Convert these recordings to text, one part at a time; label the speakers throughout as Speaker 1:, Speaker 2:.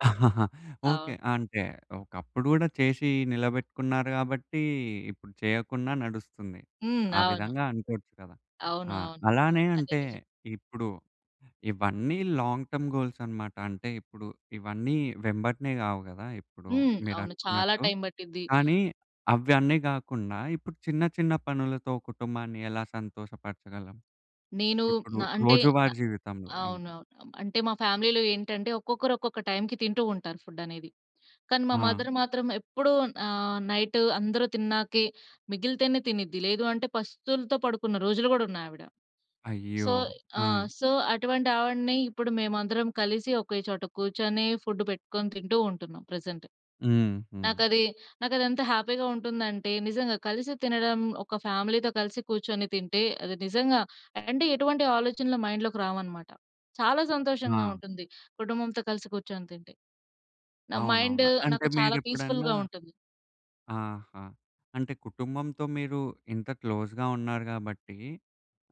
Speaker 1: Okay.
Speaker 2: అవును.
Speaker 1: అంటే, ఒకప్పుడు గూడా చేసి నిలబెట్టుకున్నారు కాబట్టీ, ఇప్పుడు చేయకున్నా నడుస్తుంది.
Speaker 2: హ్మ్.
Speaker 1: ఆ
Speaker 2: అవును.
Speaker 1: విధంగా అనుకోవచ్చు గదా!
Speaker 2: అవును.
Speaker 1: ఆ!
Speaker 2: అవును.
Speaker 1: అలానే
Speaker 2: అదే
Speaker 1: అంటే
Speaker 2: నిజం.
Speaker 1: ఇప్పుడు ఇవన్నీ లాంగ్ టర్మ్ గోల్స్ అనమాట. అంటే, ఇప్పుడు ఇవన్నీ వెంబటనే గావు గదా! ఇప్పుడు
Speaker 2: హ్మ్.
Speaker 1: మీరు
Speaker 2: అవును. చాలా
Speaker 1: అనుకున్నట్టు.
Speaker 2: టైమ్ పట్టిద్ది.
Speaker 1: కానీ, అవన్నే గాకుండా ఇప్పుడు చిన్న, చిన్న పనులతో కుటుంబాన్ని ఎలా సంతోషపరచగలం?
Speaker 2: నేను
Speaker 1: ఇప్పుడు
Speaker 2: న అంటే న
Speaker 1: రోజువారి జీవితంలో ఇంకా.
Speaker 2: అవునవును. అం అంటే మా ఫ్యామిలీలో ఏంటంటే ఒక్కొక్కరు, ఒక్కొక్క టైమ్‌కి తింటూ ఉంటారు ఫుడ్డనేది. కానీ, మా
Speaker 1: ఆ!
Speaker 2: మదర్ మాత్రం ఎప్పుడూ ఆహ్, నైటు అందరు తిన్నాకే మిగిలితేనే తినిద్ది. లేదు అంటే, పస్తులతో పడుకున్న రోజులు గూడా ఉన్నయి ఆవిడ.
Speaker 1: అయ్యో!
Speaker 2: సో ఆ!
Speaker 1: ఆ!
Speaker 2: సో, అటువంటావిడిని ఇప్పుడు మేమందరం కలిసి ఒకే చోట కూర్చొని, ఫుడ్డు పెట్టుకొని తింటూ ఉంటున్నాం ప్రెజెంట్.
Speaker 1: హుహు.
Speaker 2: నాకది నాకదెంత హ్యాపీ‌గా ఉంటుందంటే నిజంగా కలిసి తినడం ఒక ఫ్యామిలీతో కలిసి కూర్చొని తింటే, అది నిజంగా అంటే ఎటువంటి ఆలోచనలు మైండ్‌లోకి రావనమాట. చాలా సంతోషంగా
Speaker 1: ఆ!
Speaker 2: ఉంటుంది. కుటుంబంతో కలిసి కూర్చొని తింటే. నా మైండు
Speaker 1: అవునవును. అంటే
Speaker 2: నాకు చాలా
Speaker 1: మీరెప్పుడన్నా
Speaker 2: పీస్‌ఫుల్‌గా ఉంటుంది.
Speaker 1: ఆహా! అంటే కుటుంబంతో మీరు ఇంత క్లోజ్‌గా ఉన్నారు గాబట్టి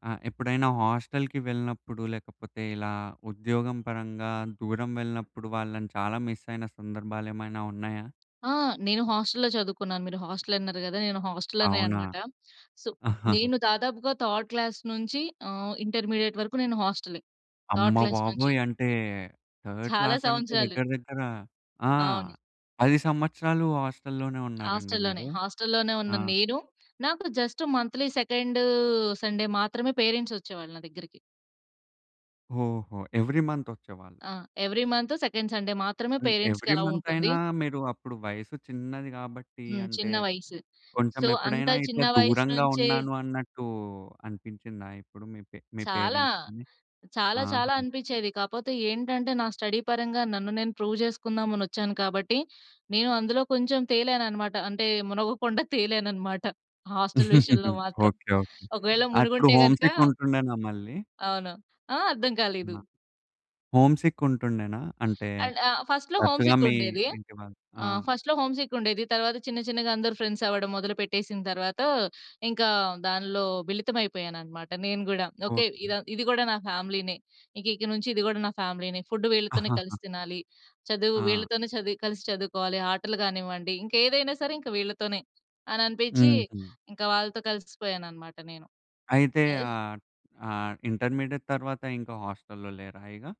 Speaker 1: ఆహ్, ఎప్పుడైనా హాస్టల్‌కి వెళ్ళినప్పుడు లేకపోతే, ఇలా ఉద్యోగం పరంగా దూరం వెళ్ళినప్పుడు, వాళ్ళని చాలా మిస్సయిన సందర్భాలేమైనా ఉన్నాయా?
Speaker 2: ఆ! నేను హాస్టల్‌లో చదువుకున్నాను. మీరు హాస్టలన్నారు గదా! నేను హాస్టల్‌లోనే
Speaker 1: అవునా!
Speaker 2: అనమాట. సో, నేను దాదాపుగా థర్డ్ క్లాస్ నుంచి ఆహ్, ఇంటర్మీడియేట్ వరుకు నేను హాస్టలే
Speaker 1: అమ్మ
Speaker 2: థర్డ్ క్లాస్ నుంచి.
Speaker 1: బాబోయ్! అంటే, థర్డ్
Speaker 2: చాలా
Speaker 1: క్లాసంటే
Speaker 2: సంవత్సరాలు.
Speaker 1: దగ్గర, దగ్గర ఆ!
Speaker 2: అవును.
Speaker 1: 10 సంవత్సరాలు హాస్టల్‌లోనే ఉన్నారండి
Speaker 2: హాస్టల్‌లోనే.
Speaker 1: మీరు?
Speaker 2: హాస్టల్‌లోనే ఉన్న
Speaker 1: ఆ!
Speaker 2: నేను, నాకు జస్టు మంత్లీ సెకండూ సండే మాత్రమే పేరెంట్సొచ్చేవాళ్ళు నా దగ్గరికి.
Speaker 1: ఓహో! ఎవ్రీ మంతొచ్చేవాళ్ళు.
Speaker 2: ఆ! ఎవ్రీ మంతు సెకండ్ సండే మాత్రమే,
Speaker 1: హ్మ్.
Speaker 2: పేరెంట్స్‌కి
Speaker 1: ఎవ్రీ
Speaker 2: యలో ఉంటుంది.
Speaker 1: మంతయినా, మీరు అప్పుడు వయసు చిన్నది గాబట్టి,
Speaker 2: హ్మ్.
Speaker 1: అంటే
Speaker 2: చిన్న వయసు.
Speaker 1: కొంచెం
Speaker 2: సో, అంత
Speaker 1: ఎప్పుడైనా ఇట్లా
Speaker 2: చిన్న వయసు
Speaker 1: దూరంగా
Speaker 2: నుంచే
Speaker 1: ఉన్నాను అన్నట్టు అనిపించిందా? ఎప్పుడు మీ పే మీ
Speaker 2: చాలా.
Speaker 1: పేరెంట్స్‌ని.
Speaker 2: చాలా,
Speaker 1: ఆహా!
Speaker 2: చాలా అనిపిచ్చేది. కాపోతే ఏంటంటే, నా స్టడీ పరంగా నన్ను నేను ప్రూవ్ చేసుకుందామనొచ్చాను. కాబట్టి, నేను అందులో కొంచెం తేలాననమాట. అంటే, మునగకుండా తేలాననమాట. హాస్టల్ విషయంలో మాత్రం.
Speaker 1: ఓకే. ఓకే.
Speaker 2: ఒకవేళ
Speaker 1: అప్పుడు
Speaker 2: మునిగుంటే గనక
Speaker 1: హోమ్‌సిక్ ఉంటుండేనా మళ్ళీ?
Speaker 2: అవును. ఆ! అర్థం
Speaker 1: న
Speaker 2: కాలేదు.
Speaker 1: హోమ్‌సిక్ ఉంటుండేనా? అంటే
Speaker 2: అండ్ ఆహ్, ఫస్ట్‌లో
Speaker 1: వచ్చుగా
Speaker 2: హోమ్‌సిక్
Speaker 1: మీ
Speaker 2: ఉండేది.
Speaker 1: ఇంటి వాళ్ళు ఆ!
Speaker 2: ఆహ్, ఫస్ట్‌లో హోమ్‌సిక్ ఉండేది. తర్వాత చిన్న, చిన్నగా అందరూ ఫ్రెండ్సవ్వడం మొదలు పెట్టేసిన తర్వాత, ఇంకా దానిలో మిళితమైపోయాననమాట. నేను గూడా ఓకే, ఇది
Speaker 1: ఓకే.
Speaker 2: అన్ ఇది గూడా నా ఫ్యామిలీ‌నే. ఇక, ఇక నుంచి ఇది గూడా నా ఫ్యామిలీనే. ఫుడ్డు వీళ్ళతోనే కలిసి తినాలి, చదువు
Speaker 1: ఆ!
Speaker 2: వీళ్ళతోనే చది కలిసి చదువుకోవాలి. ఆటలు గానివ్వండి, ఇంకేదైనా సరే ఇంక వీళ్ళతోనే, అననిపిచ్చి
Speaker 1: హుహు.
Speaker 2: ఇంక వాళ్ళతో కలిసిపోయాననమాట నేను.
Speaker 1: అయితే
Speaker 2: యెస్.
Speaker 1: ఆహ్, ఆహ్, ఇంటర్మీడియేట్ తర్వాత, ఇంక హాస్టల్‌లో లేరా ఇగా?